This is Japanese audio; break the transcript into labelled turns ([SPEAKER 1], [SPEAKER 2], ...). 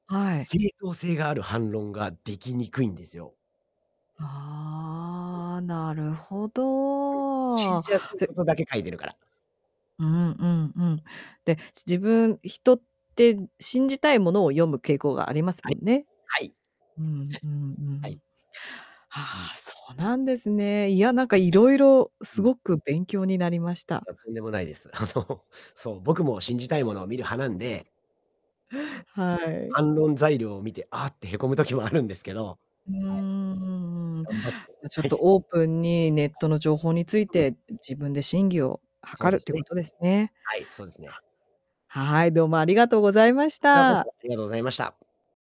[SPEAKER 1] はい。
[SPEAKER 2] 正当性がある反論ができにくいんですよ。うん。
[SPEAKER 1] ああ。なるほ
[SPEAKER 2] うん。信
[SPEAKER 1] ど。
[SPEAKER 2] じやすい
[SPEAKER 1] で
[SPEAKER 2] ことだけ書いてるから。
[SPEAKER 1] うんうんうん。で、ち自分人って、信じたいものを読む傾向があります
[SPEAKER 2] は
[SPEAKER 1] も
[SPEAKER 2] い。
[SPEAKER 1] んね。
[SPEAKER 2] はい。
[SPEAKER 1] うんうんう
[SPEAKER 2] はい。
[SPEAKER 1] ん。
[SPEAKER 2] う
[SPEAKER 1] あ
[SPEAKER 2] ん。
[SPEAKER 1] あ、そうなんですね。いや、なんか色々
[SPEAKER 2] うん。
[SPEAKER 1] 凄く勉強になりまし
[SPEAKER 2] い
[SPEAKER 1] た。
[SPEAKER 2] や、とんでもないです。あの、そう、僕も信じたいものを見る派なんでもう、
[SPEAKER 1] はい。
[SPEAKER 2] 反論材料を見て「あっ」て、へこむ時もあるんですけど、
[SPEAKER 1] うんう
[SPEAKER 2] はい。
[SPEAKER 1] んうんうん。い
[SPEAKER 2] 頑張って
[SPEAKER 1] や、ちょ
[SPEAKER 2] は
[SPEAKER 1] っと
[SPEAKER 2] い。
[SPEAKER 1] オープンに、ネッ
[SPEAKER 2] は
[SPEAKER 1] ト
[SPEAKER 2] い。
[SPEAKER 1] の情報につい
[SPEAKER 2] うん。
[SPEAKER 1] て、ん自分で審議を
[SPEAKER 2] そ
[SPEAKER 1] 諮
[SPEAKER 2] う
[SPEAKER 1] る
[SPEAKER 2] で
[SPEAKER 1] っ
[SPEAKER 2] す
[SPEAKER 1] ていう
[SPEAKER 2] ね。
[SPEAKER 1] ことですね。
[SPEAKER 2] はい、そうですね。
[SPEAKER 1] ははい、どうもありがとうございまし
[SPEAKER 2] こちらこ
[SPEAKER 1] た。
[SPEAKER 2] そ、ありがとうございました。